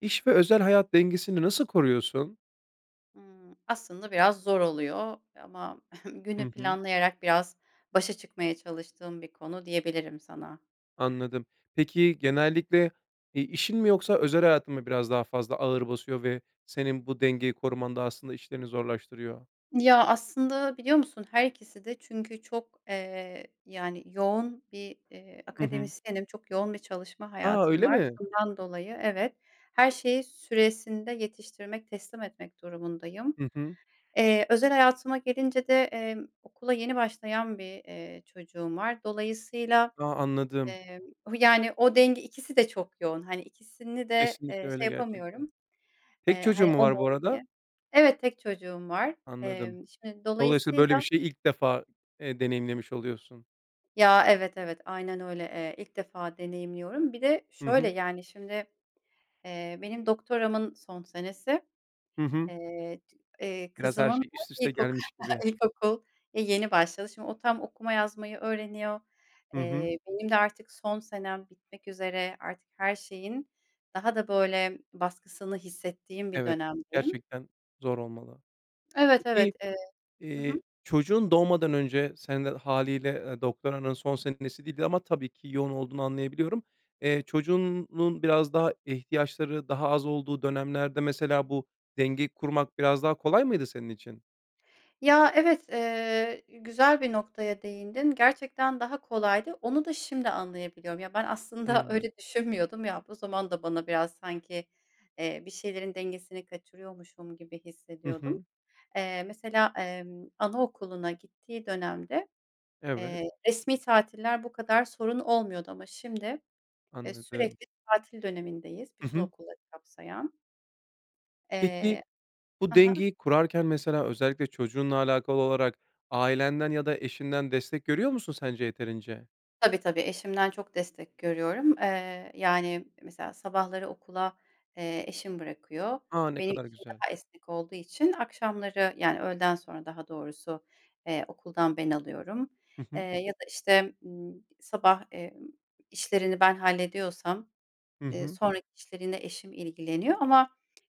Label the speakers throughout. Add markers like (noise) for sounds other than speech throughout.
Speaker 1: İş ve özel hayat dengesini nasıl koruyorsun?
Speaker 2: Imm. Aslında biraz zor oluyor ama günü
Speaker 1: Hı hı.
Speaker 2: planlayarak biraz başa çıkmaya çalıştığım bir konu diyebilirim sana.
Speaker 1: Anladım. Peki, genellikle, eee, işin mi yoksa özel hayatın mı biraz daha fazla ağır basıyor ve senin bu dengeyi korumanda, aslında, işlerini zorlaştırıyor?
Speaker 2: Ya, aslında, biliyor musun, her ikiside. Çünkü çok, eee, yani, yoğun bir, eee,
Speaker 1: Hı hı.
Speaker 2: akademisyenim, çok yoğun bir çalışma
Speaker 1: A.
Speaker 2: hayatım
Speaker 1: Öyle
Speaker 2: var.
Speaker 1: mi?
Speaker 2: Bundan dolayı, evet, her şeyi süresinde yetiştirmek, teslim etmek durumundayım.
Speaker 1: Hı hı.
Speaker 2: Eee, özel hayatıma gelince de, emm, okula yeni başlayan bir, eee, çocuğum var. Dolayısıyla,
Speaker 1: A. Anladım.
Speaker 2: eee, o, yani, o denge, ikisi de çok yoğun, hani, ikisini de,
Speaker 1: Kesinlikle
Speaker 2: eee, şey
Speaker 1: öyle gerçekten.
Speaker 2: yapamıyorum,
Speaker 1: Tek
Speaker 2: eee, hani,
Speaker 1: çocuğun mu
Speaker 2: o mu,
Speaker 1: var bu
Speaker 2: o mu diye.
Speaker 1: arada?
Speaker 2: Evet, tek çocuğum var.
Speaker 1: Anladım.
Speaker 2: Emm, şimdi,
Speaker 1: Dolayısıyla, böyle bir
Speaker 2: dolayısıyla
Speaker 1: şeyi ilk defa, eee, deneyimlemiş oluyorsun.
Speaker 2: Ya, evet, evet, aynen öyle, eee, ilk defa deneyimliyorum. Bir de,
Speaker 1: Hı
Speaker 2: şöyle,
Speaker 1: hı.
Speaker 2: yani, şimdi, eee, benim doktoramın son senesi,
Speaker 1: Hı hı.
Speaker 2: eee, c eee,
Speaker 1: Biraz her
Speaker 2: kızımın da
Speaker 1: şey üst üste
Speaker 2: ilkoku
Speaker 1: gelmiş gibi.
Speaker 2: ilkokul e, yeni başladı. Şimdi o tam okuma yazmayı öğreniyor.
Speaker 1: Hı hı.
Speaker 2: Eee, benim de artık son senem bitmek üzere, artık her şeyin daha da, böyle, baskısını hissettiğim bir
Speaker 1: Evet,
Speaker 2: dönemdeyim.
Speaker 1: gerçekten zor olmalı.
Speaker 2: Evet, evet,
Speaker 1: Peki,
Speaker 2: eee, hı
Speaker 1: eee,
Speaker 2: hı.
Speaker 1: çocuğun doğmadan önce, sen de hâliyle, ııı, doktoranın son senesiydi ama tabii ki yoğun olduğunu anlayabiliyorum. Eee, çocuğunun biraz daha ihtiyaçları, daha az olduğu dönemlerde, mesela, bu dengeyi kurmak biraz daha kolay mıydı senin için?
Speaker 2: Ya, evet, eee, güzel bir noktaya değindin. Gerçekten daha kolaydı. Onu da şimdi anlayabiliyorum. Ya, ben aslında
Speaker 1: Hımm.
Speaker 2: öyle düşünmüyordum ya, bu zaman da bana biraz, sanki, eee, bir şeylerin dengesini kaçırıyormuşum gibi
Speaker 1: Hı
Speaker 2: hissediyordum.
Speaker 1: hı.
Speaker 2: Eee, mesela, emm, anaokuluna gittiği dönemde,
Speaker 1: Evet.
Speaker 2: eee, resmî tatiller bu kadar sorun olmuyordu ama şimdi, eee,
Speaker 1: Anladım.
Speaker 2: sürekli tatil dönemindeyiz
Speaker 1: Hı
Speaker 2: bütün
Speaker 1: hı.
Speaker 2: okulları kapsayan.
Speaker 1: Peki,
Speaker 2: Eee.
Speaker 1: bu
Speaker 2: A ha.
Speaker 1: dengeyi kurarken mesela özellikle çocuğunla alakalı olarak ailenden ya da eşinden destek görüyor musun sence yeterince?
Speaker 2: Tabii, tabii, eşimden çok destek görüyorum. Eee, yani, mesela sabahları okula, eee, eşim bırakıyor.
Speaker 1: A, ne
Speaker 2: Benim
Speaker 1: kadar
Speaker 2: işim
Speaker 1: güzel.
Speaker 2: daha esnek olduğu için akşamları, yani, öğleden sonra daha doğrusu, eee, okuldan ben alıyorum.
Speaker 1: Hı
Speaker 2: Eee,
Speaker 1: hı.
Speaker 2: ya da, işte, ımm, sabah, emm, işlerini ben hallediyorsam,
Speaker 1: Hı
Speaker 2: eee,
Speaker 1: hı.
Speaker 2: sonraki işleri yine eşim ilgileniyor ama,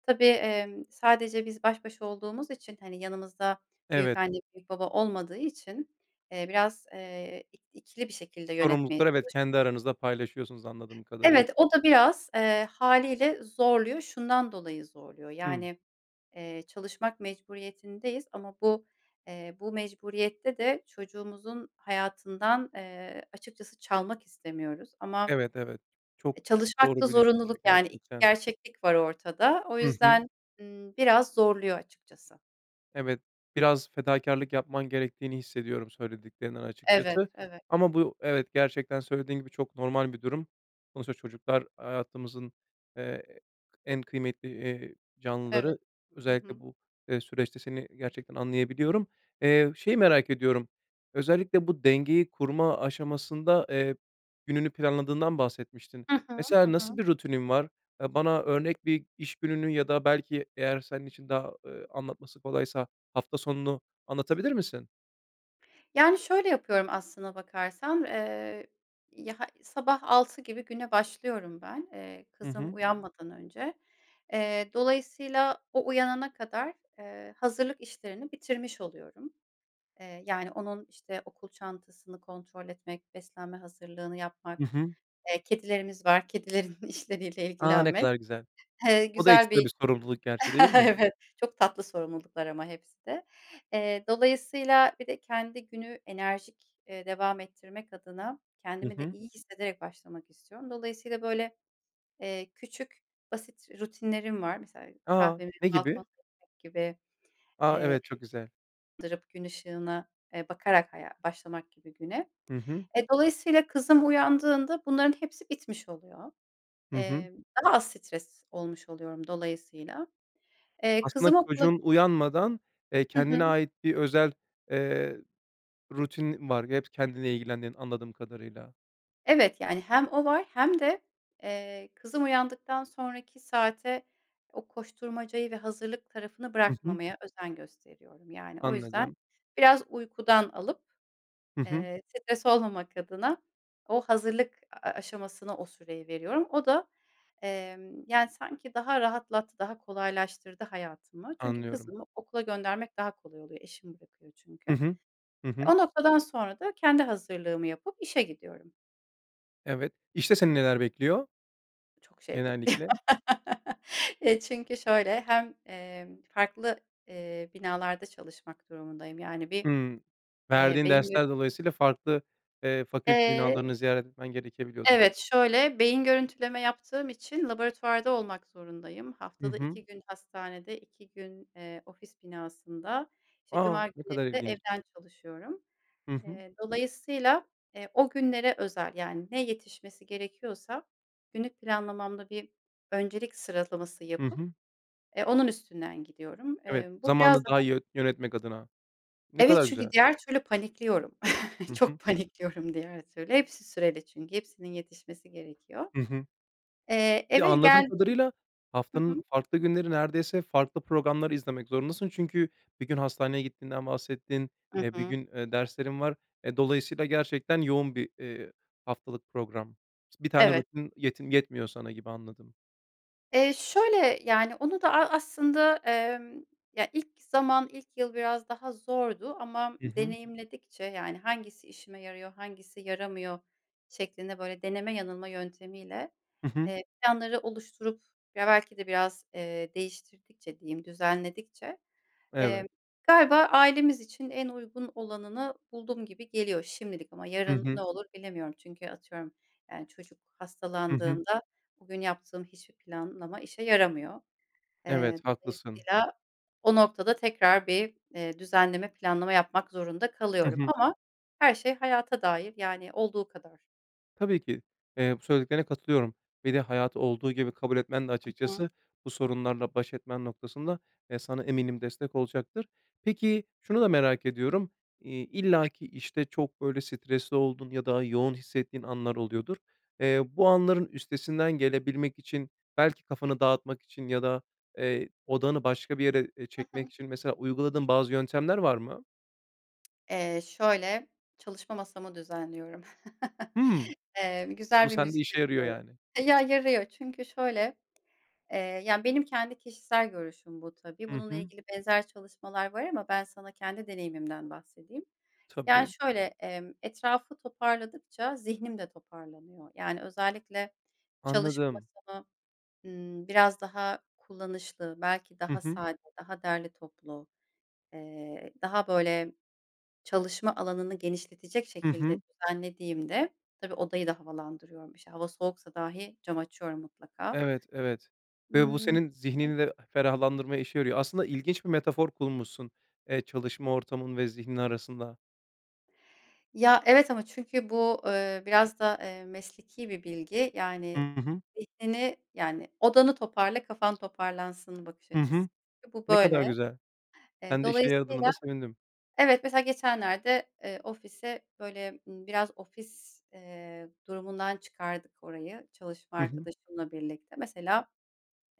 Speaker 2: tabii, emm, sadece biz baş başa olduğumuz için, hani, yanımızda
Speaker 1: Evet.
Speaker 2: büyükanne, büyükbaba olmadığı için, eee, biraz, eee, ik ikili bir şekilde yönetmeye.
Speaker 1: Sorumlulukları, evet
Speaker 2: (unintelligible)
Speaker 1: kendi aranızda paylaşıyorsunuz anladığım kadarıyla.
Speaker 2: Evet, o da biraz, eee, hâliyle zorluyor. Şundan dolayı zorluyor,
Speaker 1: Hımm.
Speaker 2: yani, eee, çalışmak mecburiyetindeyiz ama bu, eee, bu mecburiyette de çocuğumuzun hayatından, eee, açıkçası çalmak istemiyoruz. Ama
Speaker 1: Evet, evet. Çok
Speaker 2: E, çalışmakta
Speaker 1: doğru bir düşünce
Speaker 2: zorunluluk, yani, 2
Speaker 1: gerçekten.
Speaker 2: gerçeklik var ortada. O
Speaker 1: Hı hı.
Speaker 2: yüzden, ımm, biraz zorluyor açıkçası.
Speaker 1: Evet, biraz fedakârlık yapman gerektiğini hissediyorum söylediklerinden
Speaker 2: Evet,
Speaker 1: açıkçası
Speaker 2: evet.
Speaker 1: ama bu evet, gerçekten söylediğin gibi çok normal bir durum. Sonuçta çocuklar hayatımızın, eee, en kıymetli, eee,
Speaker 2: Evet.
Speaker 1: canlıları,
Speaker 2: Hı
Speaker 1: özellikle
Speaker 2: hı.
Speaker 1: bu, eee, süreçte seni gerçekten anlayabiliyorum. Eee, şeyi merak ediyorum, özellikle bu dengeyi kurma aşamasında, eee, gününü planladığından bahsetmiştin.
Speaker 2: Hı hı. Hı
Speaker 1: Mesela nasıl
Speaker 2: hı.
Speaker 1: bir rutinin var? Eee, bana örnek bir iş gününü ya da belki eğer senin için daha, eee, anlatması kolaysa, hafta sonunu anlatabilir misin?
Speaker 2: Yani, şöyle yapıyorum aslına bakarsan. Eee, ya ha sabah 6.00 gibi güne başlıyorum ben, eee,
Speaker 1: Hı
Speaker 2: kızım
Speaker 1: hı.
Speaker 2: uyanmadan önce. Eee, dolayısıyla o uyanana kadar, eee, hazırlık işlerini bitirmiş oluyorum. Eee, yani, onun işte okul çantasını kontrol etmek, beslenme hazırlığını
Speaker 1: I
Speaker 2: yapmak,
Speaker 1: hı.
Speaker 2: eee, kedilerimiz var, kedilerin işleriyle
Speaker 1: A, ne
Speaker 2: ilgilenmek.
Speaker 1: kadar güzel.
Speaker 2: Eee,
Speaker 1: O da
Speaker 2: güzel
Speaker 1: ekstra
Speaker 2: bir
Speaker 1: bir sorumluluk gerçi, değil mi?
Speaker 2: (chuckles) Evet, çok tatlı sorumluluklar ama hepsi de. Eee, dolayısıyla bir de kendi günü enerjik, eee, devam ettirmek adına
Speaker 1: Hı
Speaker 2: kendimi de
Speaker 1: hı.
Speaker 2: iyi hissederek başlamak istiyorum. Dolayısıyla, böyle, eee, küçük, basit rutinlerim var. Mesela
Speaker 1: A!
Speaker 2: kahvemi
Speaker 1: Ne gibi?
Speaker 2: balkonda (unintelligible) gibi.
Speaker 1: A,
Speaker 2: Eee,
Speaker 1: evet. Çok güzel.
Speaker 2: dırıp gün ışığına, eee, bakarak haya başlamak gibi güne.
Speaker 1: Hı hı.
Speaker 2: Eee, dolayısıyla kızım uyandığında bunların hepsi bitmiş oluyor.
Speaker 1: Hı hı.
Speaker 2: Emm, daha az stres olmuş oluyorum dolayısıyla. Eee,
Speaker 1: Aslında
Speaker 2: kızım okula
Speaker 1: çocuğun uyanmadan, eee,
Speaker 2: Hı
Speaker 1: kendine
Speaker 2: hı.
Speaker 1: ait bir özel, eee, rutinin var. Hep kendinle ilgilendiğin anladığım kadarıyla.
Speaker 2: Evet, yani, hem o var hem de, eee, kızım uyandıktan sonraki saate o koşturmacayı ve hazırlık tarafını
Speaker 1: I hı.
Speaker 2: bırakmamaya özen gösteriyorum, yani. O yüzden
Speaker 1: Anladım.
Speaker 2: biraz uykudan alıp,
Speaker 1: Hı hı.
Speaker 2: eee, stres olmamak adına o hazırlık a a aşamasına o süreyi veriyorum. O da, emm, yani, sanki daha rahatlat daha kolaylaştırdı hayatımı. Çünkü
Speaker 1: Anlıyorum.
Speaker 2: kızımı okula göndermek daha kolay oluyor. Eşim bırakıyor çünkü.
Speaker 1: I hı. Hı
Speaker 2: E,
Speaker 1: hı.
Speaker 2: o noktadan sonra da kendi hazırlığımı yapıp işe gidiyorum.
Speaker 1: Evet. İşte seni neler bekliyor?
Speaker 2: Çok şey bekliyor.
Speaker 1: Genellikle.
Speaker 2: (laughs) Eee, çünkü şöyle hem, emm, farklı, eee, binalarda çalışmak durumundayım. Yani, bir,
Speaker 1: Hımm.
Speaker 2: eee,
Speaker 1: Verdiğin
Speaker 2: beyin
Speaker 1: dersler dolayısıyla farklı, eee, fakülte
Speaker 2: Eee
Speaker 1: binalarını ziyaret etmen gerekebiliyordur.
Speaker 2: Evet, şöyle, beyin görüntüleme yaptığım için laboratuvarda olmak zorundayım.
Speaker 1: Hı
Speaker 2: Haftada
Speaker 1: hı.
Speaker 2: 2 gün hastanede, 2 gün, eee, ofis binasında, işte,
Speaker 1: A!
Speaker 2: cuma
Speaker 1: Ne
Speaker 2: günleri
Speaker 1: kadar
Speaker 2: de
Speaker 1: ilginç.
Speaker 2: evden çalışıyorum.
Speaker 1: Hı hı.
Speaker 2: Eee, dolayısıyla, eee, o günlere özel, yani, ne yetişmesi gerekiyorsa günlük planlamamda bir öncelik sıralaması
Speaker 1: Hı
Speaker 2: yapıp,
Speaker 1: hı.
Speaker 2: eee, onun üstünden gidiyorum.
Speaker 1: Evet,
Speaker 2: Eee, bu biraz
Speaker 1: zamanı daha
Speaker 2: daha
Speaker 1: iyi yön yönetmek adına. Ne
Speaker 2: Evet,
Speaker 1: kadar
Speaker 2: çünkü
Speaker 1: güzel.
Speaker 2: diğer türlü panikliyorum. (chuckles)
Speaker 1: Hı hı.
Speaker 2: Çok panikliyorum, diğer türlü. Hepsi süreli çünkü, hepsinin yetişmesi gerekiyor.
Speaker 1: Hı hı.
Speaker 2: Eee,
Speaker 1: Bir de
Speaker 2: eve
Speaker 1: anladığım
Speaker 2: geldi
Speaker 1: kadarıyla,
Speaker 2: hı hı.
Speaker 1: haftanın farklı günleri neredeyse farklı programlar izlemek zorundasın. Çünkü bir gün hastaneye gittiğinden bahsettin,
Speaker 2: Hı
Speaker 1: eee, bir
Speaker 2: hı.
Speaker 1: gün derslerin var. E, dolayısıyla gerçekten yoğun bir, eee, haftalık program. Bir tane
Speaker 2: Evet.
Speaker 1: rutin yetim yetmiyor sana gibi, anladım.
Speaker 2: Eee, şöyle, yani, onu da, a aslında, emm, ya, ilk zaman, ilk yıl biraz daha zordu ama
Speaker 1: Hı hı.
Speaker 2: deneyimledikçe, yani, hangisi işime yarıyor, hangisi yaramıyor şeklinde, böyle, deneme yanılma yöntemiyle,
Speaker 1: Hı hı.
Speaker 2: eee, planları oluşturup, ya, belki de biraz, eee, değiştirdikçe, diyeyim, düzenledikçe,
Speaker 1: Evet.
Speaker 2: eee, galiba ailemiz için en uygun olanını buldum gibi geliyor şimdilik ama
Speaker 1: Hı
Speaker 2: yarın ne
Speaker 1: hı.
Speaker 2: olur bilemiyorum. Çünkü, atıyorum, yani, çocuk
Speaker 1: Hı hı.
Speaker 2: hastalandığında bugün yaptığım hiçbir planlama işe yaramıyor.
Speaker 1: Evet,
Speaker 2: Eee,
Speaker 1: haklısın.
Speaker 2: dolayısıyla o noktada tekrar bir, eee, düzenleme, planlama yapmak zorunda
Speaker 1: Hı
Speaker 2: kalıyorum.
Speaker 1: hı.
Speaker 2: Ama her şey hayata dair, yani, olduğu kadar.
Speaker 1: Tabii ki, eee, bu söylediklerine katılıyorum ve de hayatı olduğu gibi kabul etmen de
Speaker 2: Hı hı.
Speaker 1: açıkçası bu sorunlarla baş etmen noktasında, eee, sana eminim destek olacaktır. Peki, şunu da merak ediyorum, iii, illaki, işte, çok böyle stresli olduğun ya da yoğun hissettiğin anlar oluyordur. Eee, bu anların üstesinden gelebilmek için belki kafanı dağıtmak için ya da, eee, odağını başka bir yere, eee,
Speaker 2: Hı hı.
Speaker 1: çekmek için, mesela, uyguladığın bazı yöntemler var mı?
Speaker 2: Eee, şöyle, çalışma masamı düzenliyorum.
Speaker 1: Hı.
Speaker 2: (chuckles) Eee,
Speaker 1: Bu
Speaker 2: güzel bir
Speaker 1: sende
Speaker 2: müzik
Speaker 1: işe yarıyor
Speaker 2: seçiyorum.
Speaker 1: yani.
Speaker 2: Baya yarıyor çünkü şöyle, eee, yani benim kendi kişisel görüşüm bu tabii.
Speaker 1: Hı
Speaker 2: Bununla
Speaker 1: hı.
Speaker 2: ilgili benzer çalışmalar var ama ben sana kendi deneyimimden bahsedeyim. Yani
Speaker 1: Tabii.
Speaker 2: şöyle, emm, etrafı toparladıkça zihnim de toparlanıyor. Yani özellikle çalışma
Speaker 1: Anladım.
Speaker 2: masamı, ımm, biraz daha kullanışlı, belki
Speaker 1: Hı
Speaker 2: daha
Speaker 1: hı.
Speaker 2: sade, daha derli toplu, eee, daha böyle çalışma alanını genişletecek
Speaker 1: Hı
Speaker 2: şekilde
Speaker 1: hı.
Speaker 2: düzenlediğimde, tabii odayı da havalandırıyorum işte. Hava soğuksa dahi cam açıyorum mutlaka.
Speaker 1: Evet, evet. Ve bu
Speaker 2: Imm.
Speaker 1: senin
Speaker 2: Hı hı.
Speaker 1: zihninde ferahlandırma işe yarıyor. Aslında ilginç bir metafor kurmuşsun, eee, çalışma ortamın ve zihnin arasında.
Speaker 2: Ya evet ama çünkü bu, ııı, biraz da, ııı, mesleki bir bilgi.
Speaker 1: Hı
Speaker 2: Yani
Speaker 1: hı.
Speaker 2: zihnini yani odanı toparla, kafan toparlansın bakış
Speaker 1: Hı
Speaker 2: açısı.
Speaker 1: hı.
Speaker 2: Çünkü bu
Speaker 1: Ne kadar
Speaker 2: böyle.
Speaker 1: güzel.
Speaker 2: Eee,
Speaker 1: Ben de işe yaradığına da
Speaker 2: dolayısıyla
Speaker 1: sevindim.
Speaker 2: Evet mesela geçenlerde, eee, ofise böyle, ımm, biraz ofis, eee, durumundan çıkardık orayı çalışma
Speaker 1: Hı hı.
Speaker 2: arkadaşımla birlikte. Mesela,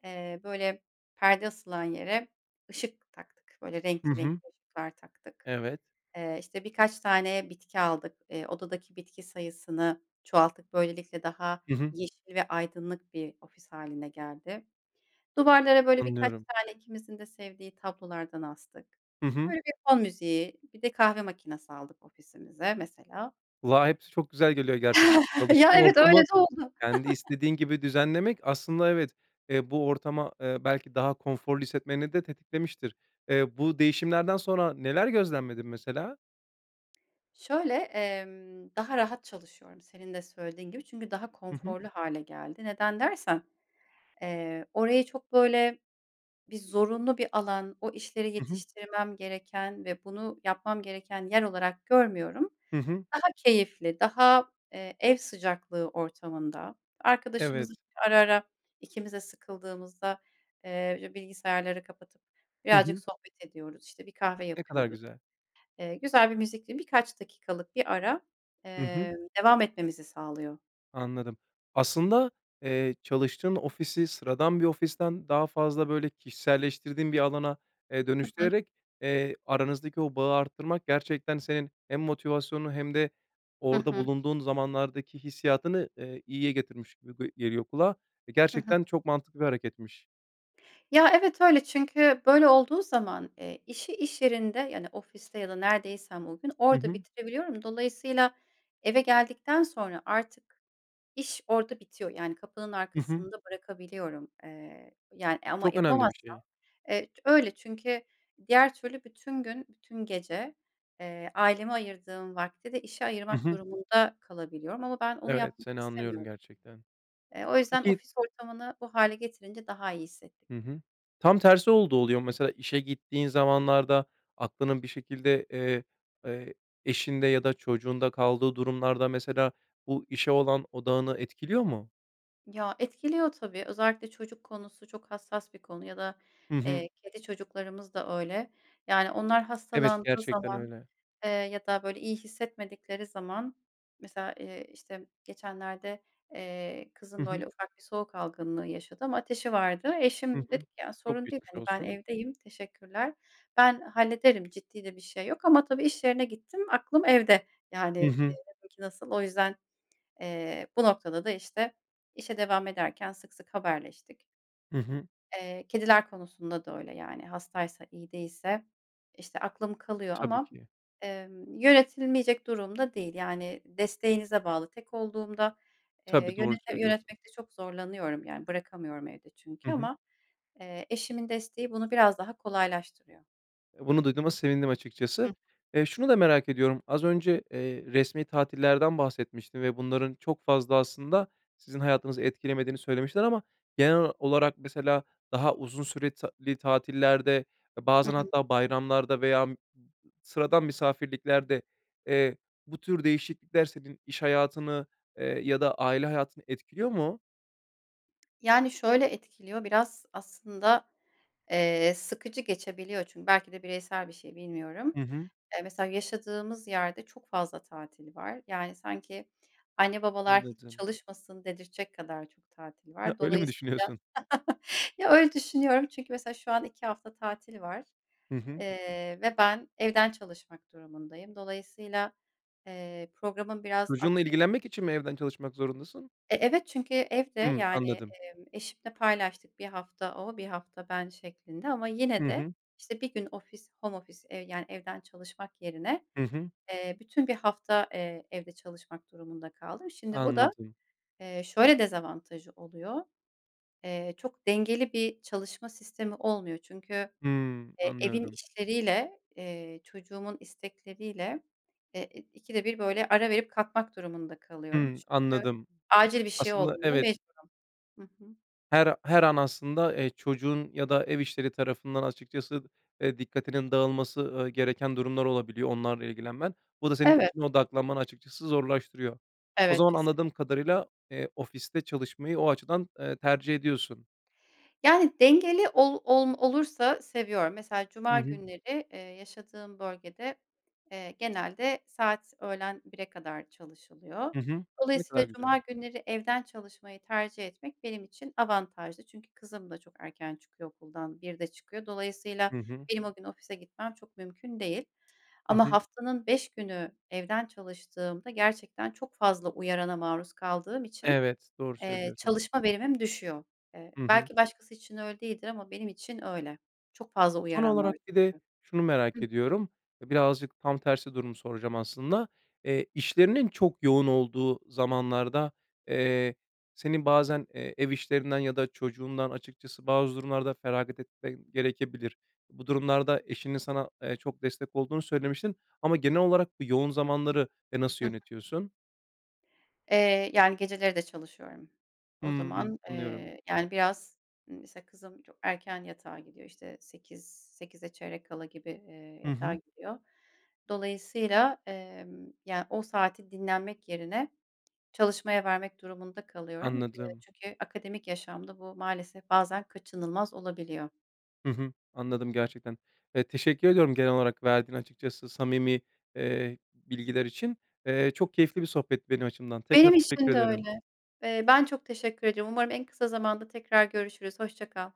Speaker 2: eee, böyle perde asılan yere ışık taktık, böyle
Speaker 1: Hı
Speaker 2: renkli
Speaker 1: hı.
Speaker 2: renkli ışıklar taktık.
Speaker 1: Evet.
Speaker 2: Eee, işte birkaç tane bitki aldık. Eee, odadaki bitki sayısını çoğalttık. Böylelikle daha
Speaker 1: Hı hı.
Speaker 2: yeşil ve aydınlık bir ofis hâline geldi. Duvarlara böyle birkaç
Speaker 1: Anlıyorum.
Speaker 2: tane ikimizin de sevdiği tablolardan astık.
Speaker 1: Hı hı.
Speaker 2: Böyle bir fon müziği, bir de kahve makinesi aldık ofisimize mesela.
Speaker 1: Kulağa hepsi çok güzel geliyor gerçekten.
Speaker 2: (chuckles) Ya
Speaker 1: Çalıştığın
Speaker 2: evet, öyle
Speaker 1: ortamı
Speaker 2: de oldu.
Speaker 1: kendi
Speaker 2: (chuckles)
Speaker 1: istediğin gibi düzenlemek aslında evet, eee, bu ortama, eee, belki daha konforlu hissetmeni de tetiklemiştir. Eee, bu değişimlerden sonra neler gözlemledin mesela?
Speaker 2: Şöyle, emm, daha rahat çalışıyorum senin de söylediğin gibi. Çünkü daha
Speaker 1: Hı hı.
Speaker 2: konforlu hâle geldi. Neden dersen, eee, orayı çok, böyle, bir zorunlu bir alan, o işleri
Speaker 1: Hı hı.
Speaker 2: yetiştirmem gereken ve bunu yapmam gereken yer olarak görmüyorum.
Speaker 1: Hı hı.
Speaker 2: Daha keyifli, daha, eee, ev sıcaklığı ortamında, arkadaşımız
Speaker 1: Evet.
Speaker 2: ara ara ikimiz de sıkıldığımızda, eee, önce bilgisayarları kapatıp
Speaker 1: Hı
Speaker 2: birazcık
Speaker 1: hı.
Speaker 2: sohbet ediyoruz, işte, bir kahve
Speaker 1: Ne kadar
Speaker 2: yapıyoruz.
Speaker 1: güzel.
Speaker 2: Eee, güzel bir müzikli, birkaç dakikalık bir ara,
Speaker 1: Hı hı.
Speaker 2: emm, devam etmemizi sağlıyor.
Speaker 1: Anladım. Aslında, eee, çalıştığın ofisi sıradan bir ofisten daha fazla, böyle, kişiselleştirdiğin bir alana, eee,
Speaker 2: Hı hı.
Speaker 1: dönüştürerek, eee, aranızdaki o bağı arttırmak gerçekten senin hem motivasyonunu hem de
Speaker 2: Hı
Speaker 1: orada
Speaker 2: hı.
Speaker 1: bulunduğun zamanlardaki hissiyatını, eee, iyiye getirmiş gıy ge geliyor kulağa.
Speaker 2: Hı hı.
Speaker 1: Gerçekten çok mantıklı bir hareketmiş.
Speaker 2: Ya, evet, öyle çünkü böyle olduğu zaman, eee, işi iş yerinde, yani, ofiste ya da neredeysem o gün
Speaker 1: Hı
Speaker 2: orada
Speaker 1: hı.
Speaker 2: bitirebiliyorum. Dolayısıyla eve geldikten sonra artık iş orada bitiyor. Yani, kapının
Speaker 1: Hı hı.
Speaker 2: arkasında bırakabiliyorum. Eee, yani, eee, ama
Speaker 1: Çok önemli bir
Speaker 2: yapamazsam,
Speaker 1: şey.
Speaker 2: eee, öyle. Çünkü diğer türlü bütün gün, bütün gece, eee, aileme ayırdığım vakti de işe
Speaker 1: Hı
Speaker 2: ayırmak
Speaker 1: hı.
Speaker 2: durumunda, kalabiliyorum ama ben onu
Speaker 1: Evet,
Speaker 2: yapmak
Speaker 1: seni anlıyorum
Speaker 2: istemiyorum.
Speaker 1: gerçekten.
Speaker 2: Eee, o yüzden
Speaker 1: Peki
Speaker 2: ofis ortamını bu hâle getirince daha iyi hissettik.
Speaker 1: Hı hı. Tam tersi olduğu oluyor mu? Mesela, işe gittiğin zamanlarda aklının bir şekilde, eee, e eşinde ya da çocuğunda kaldığı durumlarda, mesela, bu işe olan odağını etkiliyor mu?
Speaker 2: Ya, etkiliyor tabii. Özellikle çocuk konusu çok hassas bir konu ya da,
Speaker 1: Hı hı.
Speaker 2: eee, kedi çocuklarımız da öyle. Yani, onlar
Speaker 1: Evet,
Speaker 2: hastalandığı
Speaker 1: gerçekten
Speaker 2: zaman,
Speaker 1: öyle.
Speaker 2: eee, ya da, böyle, iyi hissetmedikleri zaman, mesela, eee, işte, geçenlerde, eee,
Speaker 1: Hı
Speaker 2: kızım,
Speaker 1: hı.
Speaker 2: böyle, ufak bir soğuk algınlığı yaşadı ama ateşi vardı.
Speaker 1: Hı
Speaker 2: Eşim
Speaker 1: hı.
Speaker 2: dedi ki: "Ya,
Speaker 1: Çok
Speaker 2: sorun değil,
Speaker 1: geçmiş
Speaker 2: hani, ben
Speaker 1: olsun.
Speaker 2: evdeyim, teşekkürler. Ben hallederim, ciddi de bir şey yok." Ama tabii iş yerine gittim, aklım evde. Yani,
Speaker 1: Hı hı.
Speaker 2: dedim ki: "Nasıl?" O yüzden, eee, bu noktada da, işte, işe devam ederken sık sık haberleştik.
Speaker 1: Hı hı.
Speaker 2: Eee, kediler konusunda da öyle, yani, hastaysa, iyi değilse, işte, aklım kalıyor
Speaker 1: Tabii
Speaker 2: ama,
Speaker 1: ki.
Speaker 2: emm, yönetilmeyecek durum da değil, yani, desteğinize bağlı tek olduğumda, eee,
Speaker 1: Tabii, doğru
Speaker 2: yönete
Speaker 1: söylüyorsun.
Speaker 2: yönetmekte çok zorlanıyorum. Yani, bırakamıyorum evde çünkü
Speaker 1: Hı hı.
Speaker 2: ama, eee, eşimin desteği bunu biraz daha kolaylaştırıyor.
Speaker 1: E, bunu duyduğuma sevindim açıkçası.
Speaker 2: Hı.
Speaker 1: Eee, şunu da merak ediyorum, az önce, eee, resmi tatillerden bahsetmiştin ve bunların çok fazla aslında sizin hayatınızı etkilemediğini söylemiştin ama genel olarak mesela daha uzun süre ta li tatillerde,
Speaker 2: Hı
Speaker 1: bazen
Speaker 2: hı.
Speaker 1: hatta bayramlarda veya (unintelligible) sıradan misafirliklerde, eee, bu tür değişiklikler senin iş hayatını, eee, ya da aile hayatını etkiliyor mu?
Speaker 2: Yani, şöyle etkiliyor biraz aslında, eee, sıkıcı geçebiliyor. Çünkü belki de bireysel bir şey, bilmiyorum.
Speaker 1: Hı hı.
Speaker 2: Eee, mesela yaşadığımız yerde çok fazla tatil var. Yani, sanki anne babalar hiç
Speaker 1: Anladım.
Speaker 2: çalışmasın dedirtecek kadar çok tatil
Speaker 1: He,
Speaker 2: var.
Speaker 1: öyle mi
Speaker 2: Dolayısıyla,
Speaker 1: düşünüyorsun.
Speaker 2: (chuckles) ya, öyle düşünüyorum çünkü mesela şu an iki hafta tatil var,
Speaker 1: Hı hı.
Speaker 2: eee, ve ben evden çalışmak durumundayım. Dolayısıyla, eee, programım biraz
Speaker 1: Çocuğunla
Speaker 2: aksayıp
Speaker 1: ilgilenmek için mi evden çalışmak zorundasın?
Speaker 2: E, evet, çünkü evde,
Speaker 1: Hımm,
Speaker 2: yani,
Speaker 1: anladım.
Speaker 2: eee, eşimle paylaştık, bir hafta o, bir hafta ben şeklinde ama yine
Speaker 1: Hı
Speaker 2: de,
Speaker 1: hı.
Speaker 2: işte, bir gün ofis home office, eee, yani, evden çalışmak yerine,
Speaker 1: Hı hı.
Speaker 2: eee, bütün bir hafta, eee, evde çalışmak durumunda kaldım. Şimdi bu da,
Speaker 1: Anladım.
Speaker 2: eee, şöyle dezavantajı oluyor. Eee, çok dengeli bir çalışma sistemi olmuyor. Çünkü,
Speaker 1: Hımm,
Speaker 2: eee, evin
Speaker 1: anlıyorum.
Speaker 2: işleriyle, eee, çocuğumun istekleriyle e ı ikide bir, böyle, ara verip kalkmak durumunda kalıyorum.
Speaker 1: Hımm,
Speaker 2: Çünkü
Speaker 1: anladım.
Speaker 2: acil bir şey
Speaker 1: Aslında,
Speaker 2: olduğunda
Speaker 1: evet.
Speaker 2: mecburum. Hı hı.
Speaker 1: Her her an aslında, eee, çocuğun ya da ev işleri tarafından açıkçası, eee, dikkatinin dağılması, ııı, gereken durumlar olabiliyor, onlarla ilgilenmen. Bu da senin
Speaker 2: Evet.
Speaker 1: işine odaklanmanı açıkçası zorlaştırıyor. O
Speaker 2: Evet,
Speaker 1: zaman
Speaker 2: kesinlik
Speaker 1: anladığım kadarıyla, eee, ofiste çalışmayı o açıdan, eee, tercih ediyorsun.
Speaker 2: Yani, dengeli ol olm olursa seviyorum. Mesela,
Speaker 1: Hı
Speaker 2: cuma
Speaker 1: hı.
Speaker 2: günleri, eee, yaşadığım bölgede, eee, genelde saat öğlen 1'e kadar çalışılıyor.
Speaker 1: Hı hı, ne
Speaker 2: Dolayısıyla
Speaker 1: kadar güzel.
Speaker 2: cuma günleri evden çalışmayı tercih etmek benim için avantajlı. Çünkü kızım da çok erken çıkıyor okuldan, 1'de çıkıyor. Dolayısıyla
Speaker 1: Hı hı.
Speaker 2: benim o gün ofise gitmem çok mümkün değil
Speaker 1: Hı
Speaker 2: ama
Speaker 1: hı.
Speaker 2: haftanın 5 günü evden çalıştığımda gerçekten çok fazla uyarana maruz kaldığım için,
Speaker 1: Evet, doğru
Speaker 2: eee,
Speaker 1: söylüyorsun.
Speaker 2: çalışma verimim düşüyor. Eee,
Speaker 1: Hı hı.
Speaker 2: belki başkası için öyle değildir ama benim için öyle. Çok fazla
Speaker 1: Son
Speaker 2: uyaran var
Speaker 1: olarak bir de
Speaker 2: çünkü.
Speaker 1: şunu
Speaker 2: Hı
Speaker 1: merak
Speaker 2: hı.
Speaker 1: ediyorum: E, birazcık tam tersi durumu soracağım aslında. Eee, işlerinin çok yoğun olduğu zamanlarda, eee, senin bazen, eee, ev işlerinden ya da çocuğundan, açıkçası, bazı durumlarda feragat etmen gerekebilir. Bu durumlarda eşinin sana, eee, çok destek olduğunu söylemiştin ama genel olarak bu yoğun zamanları, eee, nasıl
Speaker 2: Hı hı.
Speaker 1: yönetiyorsun?
Speaker 2: Eee, yani, geceleri de çalışıyorum. O
Speaker 1: Hımm,
Speaker 2: zaman,
Speaker 1: anlıyorum.
Speaker 2: eee, yani, biraz, ııı, mesela kızım çok erken yatağa gidiyor. İşte 8, 8'e çeyrek kala gibi, eee,
Speaker 1: Hı
Speaker 2: yatağa
Speaker 1: hı.
Speaker 2: gidiyor. Dolayısıyla, emm, yani, o saati dinlenmek yerine çalışmaya vermek durumunda kalıyorum. Eee,
Speaker 1: Anladım.
Speaker 2: çünkü akademik yaşamda bu maalesef bazen kaçınılmaz olabiliyor.
Speaker 1: Hı hı, anladım gerçekten. Eee, teşekkür ediyorum genel olarak verdiğin açıkçası samimi, eee, bilgiler için. Eee, çok keyifli bir sohbetti benim açımdan, tekrar
Speaker 2: Benim
Speaker 1: teşekkür
Speaker 2: için de
Speaker 1: ederim.
Speaker 2: öyle. Eee, ben çok teşekkür ediyorum. Umarım en kısa zamanda tekrar görüşürüz. Hoşça kal.